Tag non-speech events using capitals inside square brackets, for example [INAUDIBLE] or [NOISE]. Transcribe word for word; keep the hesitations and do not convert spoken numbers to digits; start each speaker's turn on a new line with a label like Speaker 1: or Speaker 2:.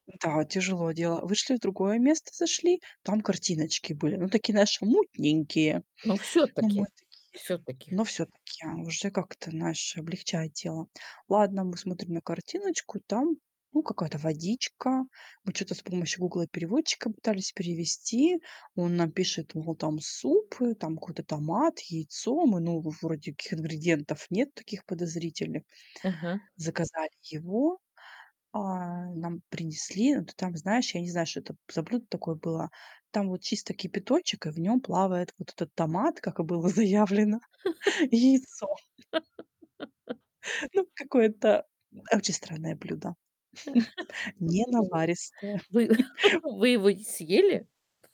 Speaker 1: Да, тяжело дело. Вышли в другое место, зашли, там картиночки были. Ну такие, знаешь, мутненькие.
Speaker 2: Но
Speaker 1: Но
Speaker 2: всё-таки,
Speaker 1: мы такие,
Speaker 2: всё-таки.
Speaker 1: но всё-таки уже как-то, знаешь, облегчает дело. Ладно, мы смотрим на картиночку, там, ну какая-то водичка. Мы чё-то с помощью "Гугла-переводчика" пытались перевести. Он нам пишет, мол, там суп, э, там какой-то томат, яйцо, мы, ну, вроде ких ингредиентов нет, таких подозрительных.
Speaker 2: Ага.
Speaker 1: Заказали его, а, нам принесли, ну ты там, знаешь, я не знаю, что это за блюдо такое было, там вот чисто кипяточек, и в нём плавает вот этот томат, как и было заявлено, яйцо
Speaker 2: [LAUGHS]
Speaker 1: Ну
Speaker 2: [LAUGHS]
Speaker 1: какое-то очень странное блюдо. [CHUCKLES]
Speaker 2: [CHUCKLES]
Speaker 1: Ненаваристое.
Speaker 2: Вы
Speaker 1: [CHUCKLES]
Speaker 2: [CHUCKLES] вы его съели?